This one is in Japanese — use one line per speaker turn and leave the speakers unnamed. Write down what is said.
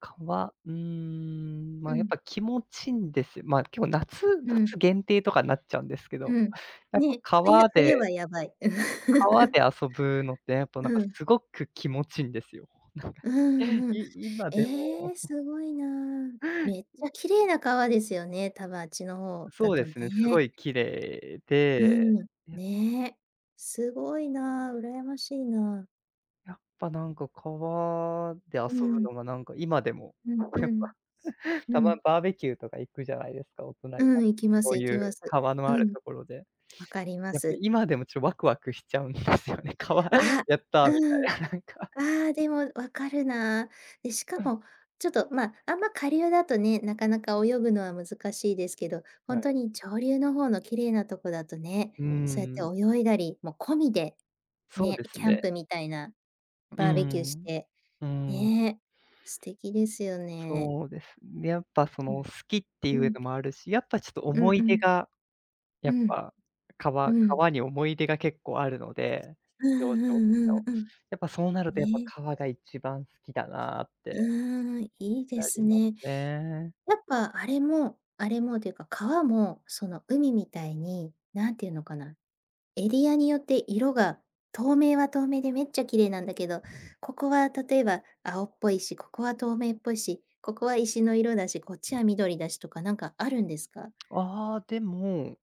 川、うーん、ま
う
あ、やっ
ん。
ぱ気持ちんですよ。まあ、結構夏
うん。
夏限定とかなっちゃうんですけど、
うん。
やっぱ
ね、冬
川
冬
で
はやばい。
川で 遊ぶのって、やっぱな
う
んか
ん。
すごく気持ちんですよ。
うんうん。
い今で
ええ、
も
すごいな。
へい。
めっちゃ綺麗な川ですよね、多分あっちの方だ
そうで
と
すね、すご
ね。
い綺麗
う
で。
ん、ね、すごいな、羨ましいな。
やっぱ、なんか川で
う
遊ぶ
ん。
のがなんか今でも、
うんう
やっぱ、
ん。う
たま
ん。
バーベキューとか行くじゃないですか、大人になって、
うん、行きま
そ
す
う
行
い
き
う
ます。
川の
う
ある
ん。
ところで、
分かりま
やっぱ
す。
今でもちょワクワクしちゃうんですよね。「川、
あ、
やった」み
うん。
たいななんか。
ああ、でも分かるな。で、しか もちょっとまあ、あんま下流だとね、なかなか泳ぐのは難しいですけど、ほ
は
んと
い。
に上流の方の綺麗なとこだとね、
うー
そうや
ん。
って泳いだりも込みで、
そう
ね、
です
キャン
ね。
プみたいな
う
バーベキューし
ん。
て、
うん。
ね、素敵ですよね。
そうです。ね、やっぱ、そ
う
の、
ん。
好きってい
う
う
ん。
のもあるし、やっぱ、ちょっと
う
思
ん
い
う
出
ん。
が、や
う
っ
ん。
ぱ、
う
川
ん。
川に思い出が結構あるので、
う
幼
んう
少期
んう
の。
んうん。
やっぱ、そうなるとやっぱ、
ね。
川が一番好きだなっ
う
て。
ーん、いいで
な
す
ります
ね。
ね。
やっぱあれもあれもというか、川も、その海みたいに、何て言うのかな？エリアによって色が透明は透明でめっちゃ綺麗なんだけど、ここは例えば青っぽいし、ここは透明っぽいし、ここは石の色だし、こっちは緑だしとか何かあるんですか？
ああ、でも